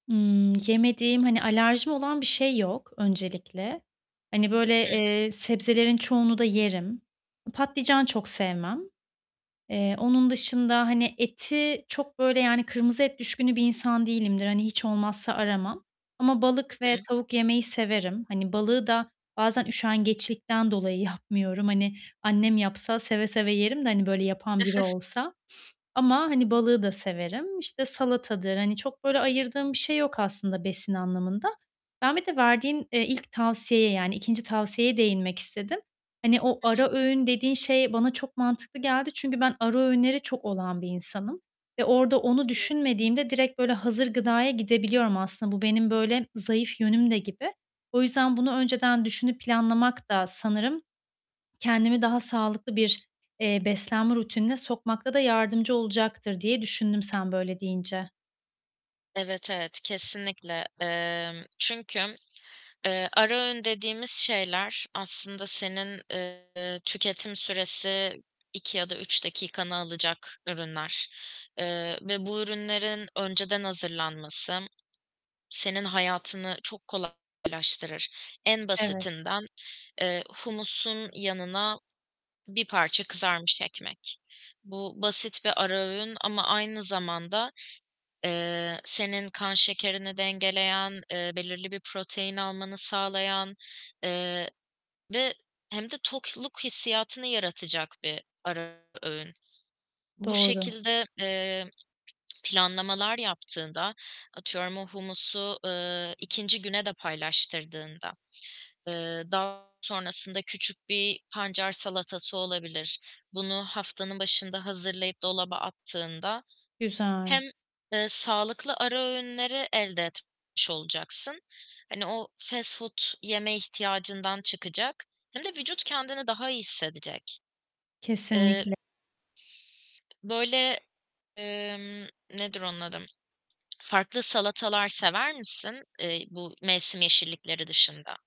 Imm, yemediğim, hani, alerjim olan bir şey yok öncelikle. Hani, böyle, I hı. eee, sebzelerin çoğunu da yerim. Patlıcan çok sevmem. Eee, onun dışında, hani, eti çok, böyle, yani, kırmızı et düşkünü bir insan değilimdir. Hani, hiç olmazsa aramam. Ama Hı balık ve hı. tavuk yemeyi severim. Hani, balığı da bazen üşengeçlikten dolayı yapmıyorum. Hani, annem yapsa seve seve yerim de, hani, böyle, yapan biri olsa. Ama, hani, balığı da severim. İşte, salatadır, hani, çok böyle ayırdığım bir şey yok aslında besin anlamında. Ben bir de verdiğin, eee, ilk tavsiyeye yani 2. tavsiyeye değinmek istedim. Hani, o Hı ara hı. öğün dediğin şey bana çok mantıklı geldi çünkü ben ara öğünleri çok olan bir insanım. Ve orada Hı onu hı. düşünmediğimde direkt, böyle, hazır gıdaya gidebiliyorum aslında. Bu benim, böyle, zayıf yönüm de gibi. O yüzden bunu önceden düşünüp planlamak da sanırım kendimi daha sağlıklı bir, eee, beslenme rutinine sokmakta da yardımcı olacaktır diye düşündüm sen böyle deyince. Evet, evet. Kesinlikle. Emm, çünkü, eee, ara öğün dediğimiz şeyler aslında senin, eee, tüketim süresi 2 ya da 3 dakikanı alacak ürünler. Eee, ve bu ürünlerin önceden hazırlanması senin hayatını çok kolaylaştırır. En Evet. basitinden, eee, humusun yanına 1 parça kızarmış ekmek. Bu basit bir ara öğün ama aynı zamanda, eee, senin kan şekerini dengeleyen, eee, belirli bir protein almanı sağlayan, eee, ve hem de tokluk hissiyatını yaratacak bir ara öğün. Bu Doğru. şekilde, eee, planlamalar yaptığında, atıyorum o humusu, ııı, 2. güne de paylaştırdığında, ııı, daha sonrasında küçük bir pancar salatası olabilir, bunu haftanın başında hazırlayıp dolaba attığında Güzel. hem, ııı, sağlıklı ara öğünleri elde etmiş olacaksın, hani, o fast food yeme ihtiyacından çıkacak hem de vücut kendini daha iyi hissedecek. Eee Kesinlikle. Böyle, ımm, nedir onun adı? Farklı salatalar sever misin, ııı, bu mevsim yeşillikleri dışında?